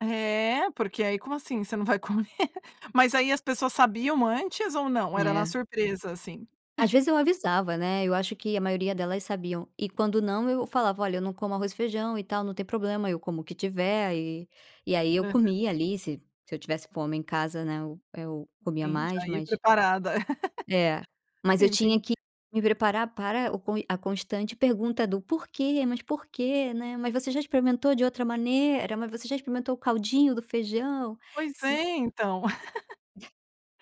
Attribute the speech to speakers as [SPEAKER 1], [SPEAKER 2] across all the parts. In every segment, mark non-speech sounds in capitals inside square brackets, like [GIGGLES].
[SPEAKER 1] É, porque aí: "Como assim, você não vai comer?" Mas aí as pessoas sabiam antes ou não; era na
[SPEAKER 2] É.
[SPEAKER 1] surpresa, assim?
[SPEAKER 2] Às vezes eu avisava, né. Eu acho que a maioria delas sabiam. E, quando não, eu falava: "Olha, eu não como arroz e feijão e tal não tem problema eu como o que tiver". E aí, eu
[SPEAKER 1] Hã.
[SPEAKER 2] comia, ali, se se eu tivesse fome, em casa, né, eu eu comia
[SPEAKER 1] Entendi.
[SPEAKER 2] mais,
[SPEAKER 1] Já ia
[SPEAKER 2] mas
[SPEAKER 1] preparada. [LAUGHS]
[SPEAKER 2] É, mas eu
[SPEAKER 1] Sim,
[SPEAKER 2] tinha
[SPEAKER 1] sim.
[SPEAKER 2] que me preparar para o a constante pergunta do: "Porquê? Mas por que? Né, mas você já experimentou de outra maneira? Mas você já experimentou o caldinho do feijão,
[SPEAKER 1] Pois
[SPEAKER 2] você"
[SPEAKER 1] é então. [GIGGLES]
[SPEAKER 2] [CHUCKLES]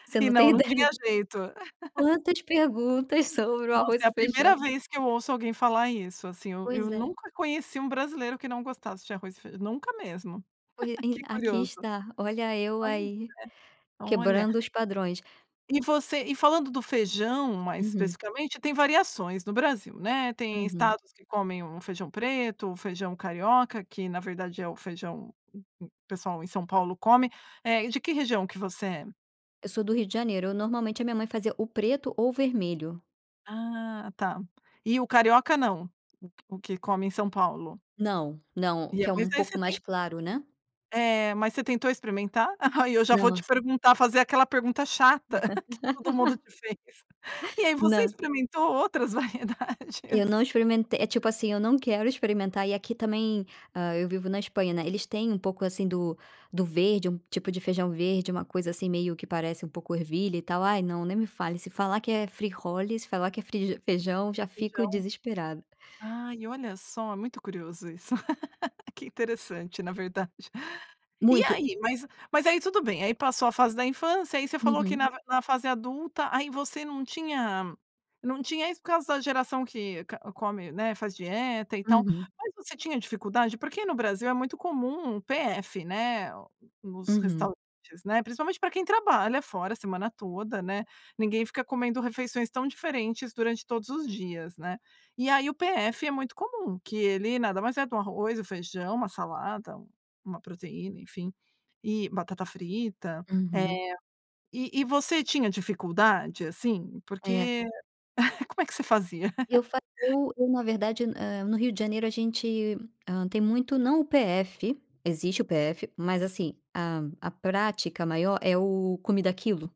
[SPEAKER 2] Você
[SPEAKER 1] E
[SPEAKER 2] não
[SPEAKER 1] não,
[SPEAKER 2] tem
[SPEAKER 1] não
[SPEAKER 2] ideia
[SPEAKER 1] tinha
[SPEAKER 2] de
[SPEAKER 1] jeito. [LAUGHS]
[SPEAKER 2] quantas perguntas sobre o
[SPEAKER 1] Nossa,
[SPEAKER 2] arroz
[SPEAKER 1] é
[SPEAKER 2] e
[SPEAKER 1] a
[SPEAKER 2] feijão.
[SPEAKER 1] primeira vez que eu ouço alguém falar isso, assim. Eu eu
[SPEAKER 2] Pois é.
[SPEAKER 1] nunca conheci um brasileiro que não gostasse de arroz e feij nunca mesmo.
[SPEAKER 2] Hoje
[SPEAKER 1] [CHUCKLES]
[SPEAKER 2] em
[SPEAKER 1] Que
[SPEAKER 2] aqui
[SPEAKER 1] curioso.
[SPEAKER 2] está. Olha eu
[SPEAKER 1] Pois é.
[SPEAKER 2] aí,
[SPEAKER 1] Olha.
[SPEAKER 2] quebrando os padrões.
[SPEAKER 1] E você E falando do feijão mais
[SPEAKER 2] Uhum.
[SPEAKER 1] especificamente tem variações no Brasil, né. Tem
[SPEAKER 2] Uhum.
[SPEAKER 1] estados que comem o feijão preto, o feijão carioca, que na verdade é o feijão o o pessoal em São Paulo come, eh, e de que região que você é?
[SPEAKER 2] Eu sou do Rio de Janeiro. Eu normalmente a minha mãe fazia o preto ou o vermelho.
[SPEAKER 1] Ah, tá! E o carioca não? O que o que come em São Paulo.
[SPEAKER 2] Não, não.
[SPEAKER 1] E é
[SPEAKER 2] Que é
[SPEAKER 1] mas
[SPEAKER 2] um
[SPEAKER 1] aí
[SPEAKER 2] pouco
[SPEAKER 1] você
[SPEAKER 2] mais
[SPEAKER 1] tem
[SPEAKER 2] claro, né?
[SPEAKER 1] É. Mas você tentou experimentar? Aí, eu já vou te
[SPEAKER 2] Nossa.
[SPEAKER 1] perguntar, fazer aquela pergunta chata [CHUCKLES] que todo mundo
[SPEAKER 2] [LAUGHS]
[SPEAKER 1] te fez. E aí você
[SPEAKER 2] Não.
[SPEAKER 1] experimentou outras
[SPEAKER 2] Eu não
[SPEAKER 1] variedades?
[SPEAKER 2] experimente É tipo assim, eu não quero experimentar. E aqui também, hã, eu vivo na Espanha, né, eles têm um pouco, assim, do do verde, um tipo de feijão verde, uma coisa assim, meio que parece um pouco ervilha e tal. Ai, não, nem me fale. Se falar que é frijoles, se falar que é feijão já fico
[SPEAKER 1] Feijão.
[SPEAKER 2] desesperada.
[SPEAKER 1] Ai, olha só, muito curioso isso. [LAUGHS] Que interessante na verdade. E
[SPEAKER 2] Muito.
[SPEAKER 1] aí Mas mas aí tudo bem, aí passou a fase da infância, aí você falou que
[SPEAKER 2] Uhum.
[SPEAKER 1] na na fase adulta aí você não tinha não tinha isso por causa da geração que ca come, né, faz dieta e tal.
[SPEAKER 2] Uhum.
[SPEAKER 1] Mas você tinha dificuldade? Porque no Brasil é muito comum um PF, né, nos
[SPEAKER 2] Uhum.
[SPEAKER 1] restaurantes, né. Principalmente pra quem trabalha fora a semana toda, né. Ninguém fica comendo refeições tão diferentes durante todos os dias, né. E aí o PF é muito comum. Que ele nada mais é de um arroz, o feijão, uma salada, uma proteína, enfim, e batata frita.
[SPEAKER 2] Uhum.
[SPEAKER 1] Eh, e e você tinha dificuldade, assim?
[SPEAKER 2] É.
[SPEAKER 1] Porque [CHUCKLES] Como é que você fazia? [CHUCKLES]
[SPEAKER 2] Eu fa Eu eu, na verdade, hã, no Rio de Janeiro a gente, hã, tem muito não o PF, existe o PF, mas, assim, a a prática maior é o comida a quilo.